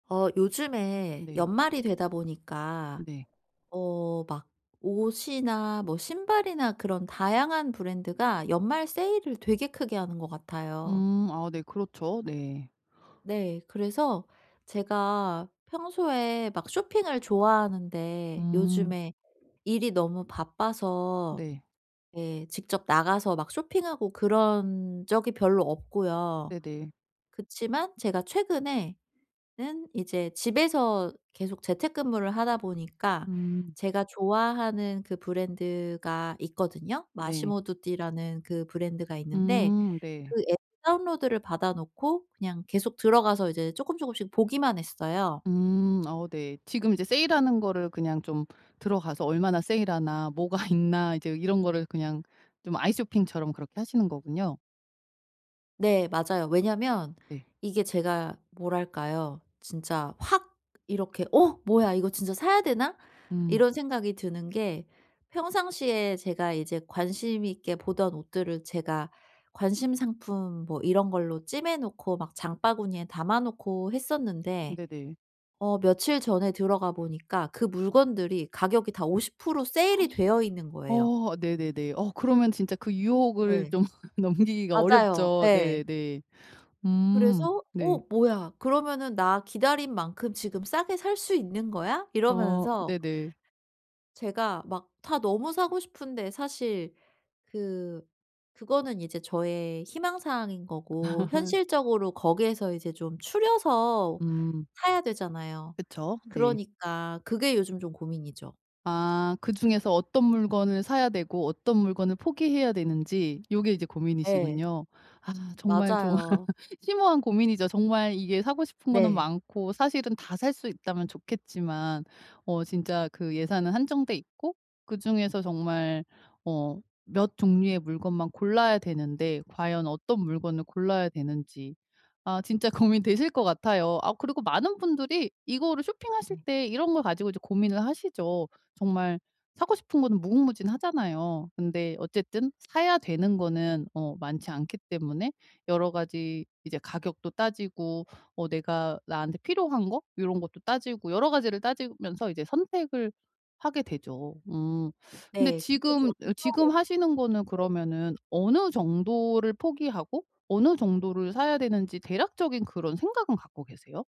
어 요즘에 네. 연말이 되다 보니까 네. 어 막 옷이나 뭐 신발이나 그런 다양한 브랜드가 연말 세일을 되게 크게 하는 것 같아요. 음 아 네 그렇죠. 네. 네. 그래서 제가 평소에 막 쇼핑을 좋아하는데 음. 요즘에 일이 너무 바빠서 네. 예 직접 나가서 막 쇼핑하고 그런 적이 별로 없고요. 네네. 그치만 제가 최근에 는 이제 집에서 계속 재택근무를 하다 보니까 음. 제가 좋아하는 그 브랜드가 있거든요. 네. 마시모두띠라는 그 브랜드가 있는데 음 네. 그 앱 다운로드를 받아 놓고 그냥 계속 들어가서 이제 쪼끔쪼금씩 보기만 했어요. 음 어 네. 지금 이제 세일하는 거를 그냥 좀 들어가서 '얼마나 세일하나? 뭐가 있나?' 이제 이런 거를 그냥 좀 아이쇼핑처럼 그렇게 하시는 거군요. 네 맞아요. 왜냐면 네. 이게 제가 뭐랄까요 진짜 확 이렇게 '어 뭐야? 이거 진짜 사야 되나?' 음. 이런 생각이 드는 게 평상시에 제가 이제 관심 있게 보던 옷들을 제가 관심 상품 뭐 이런 걸로 찜해 놓고 막 장바구니에 담아 놓고 했었는데 네네. 어 며칠 전에 들어가 보니까 그 물건들이 가격이 다 50% 세일이 되어 있는 거예요. 어 네네네. 어 그러면 진짜 그 유혹을 예. 좀 넘기기가 맞아요. 어렵죠. 예. 네네 네. 음 그래서 '어 네. 뭐야? 그러면은 나 기다린 만큼 지금 싸게 살 수 있는 거야?' 어 이러면서 네네. 제가 막 다 너무 사고 싶은데 사실 그 그거는 이제 저의 희망 사항인 거고 현실적으로 거기에서 이제 좀 추려서 음. 사야 되잖아요. 그쵸. 네. 그러니까 그게 요즘 좀 고민이죠. 아 그중에서 어떤 물건을 사야 되고 어떤 물건을 포기해야 되는지 요게 이제 예. 고민이시군요. 아 정말 좀 맞아요. 심오한 고민이죠. 정말 이게 사고 싶은 거는 네 많고 사실은 다 살 수 있다면 좋겠지만 어 진짜 그 예산은 한정돼 있고 그중에서 정말 어 몇 종류의 물건만 골라야 되는데 과연 어떤 물건을 골라야 되는지 아 진짜 고민되실 것 같아요. 아 그리고 많은 분들이 이거를 쇼핑하실 네. 때 이런 걸 가지고 이제 고민을 하시죠. 정말 사고 싶은 거는 무궁무진하잖아요. 근데 어쨌든 사야 되는 거는 어 많지 않기 때문에 여러 가지 이제 가격도 따지고 어 내가 나한테 필요한 거 요런 것도 따지고 여러 가지를 따지면서 이제 선택을 하게 되죠. 음 근데 네. 근데 지금 어 저는 또 지금 하시는 거는 네. 그러면은 어느 정도를 포기하고 어느 정도를 사야 되는지 대략적인 그런 생각은 갖고 계세요?